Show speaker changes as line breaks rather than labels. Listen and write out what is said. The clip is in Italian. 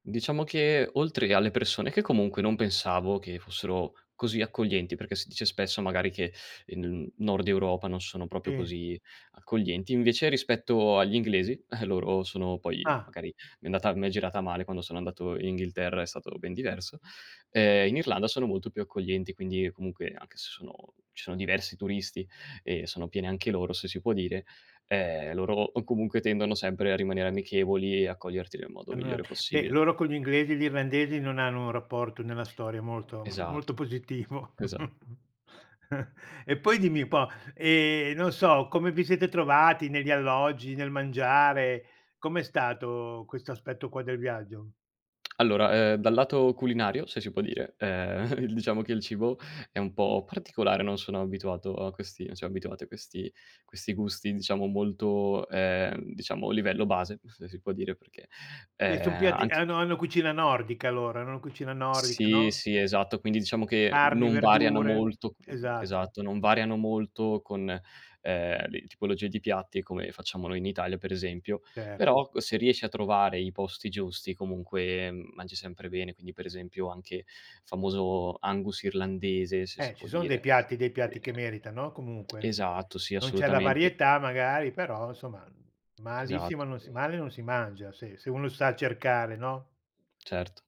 Diciamo che oltre alle persone che comunque, non pensavo che fossero così accoglienti, perché si dice spesso magari che, ehm, in N Nord Europa non sono proprio
Sì.
così accoglienti, invece rispetto agli inglesi loro sono, poi
Ah.
magari mi è andata m'è girata male quando sono andato Inghilterra, è stato ben diverso ehm, in Irlanda sono molto più accoglienti quindi e comunque anche se sono ci sono diversi turisti e sono pieni anche loro, se si può dire, ehm, loro o comunque tendono sempre a rimanere amichevoli e accoglierti nel modo migliore
[unintelligible] beh,
possibile.
loro con gli inglesi, gli irlandesi non hanno un rapporto nella storia molto molto
Esatto,
positivo.
chesa
E poi dimmi un po', ehm, non so, come vi sete trovati negli alloggi, nel mangiare? Com'è stato, questo aspetto qua del viaggio?
Allora, ehm, dal lato culinario, se si può dire, ehm, il diciamo che il cibo è un po' particolare, non sono abituato a questi non siam abituati a questi questi gusti diciamo molto, ehm, diciamo livello base, se si può dire perché,
E son
ehm,
piatti
anche
hanno hanno cucina nordica loro, è una cucina nordica,
Sì,
no?
sì, esatto, quindi diciamo che
Carni,
non variano
verdure.
molto
Esatto.
esatto, non variano molto con, ehm, le tipologie di piatti come facciamo noi in Italia per esempio,
Cer
però ecco se riesci a trovare i posti giusti comunque, mhmm, mangi sempre bene, quindi per esempio anche famoso Angus irlandese, se si
Eh,
può
ci son dei
dire,
piatti dei
e
piatti che merita, no, comunque?
esatto, sì,
Non c'è la
assolutamente.
varietà magari, però, somma malissimo
Esatt
non si
[unintelligible]
male non si mangia se se uno sa cercare, no?
Certo.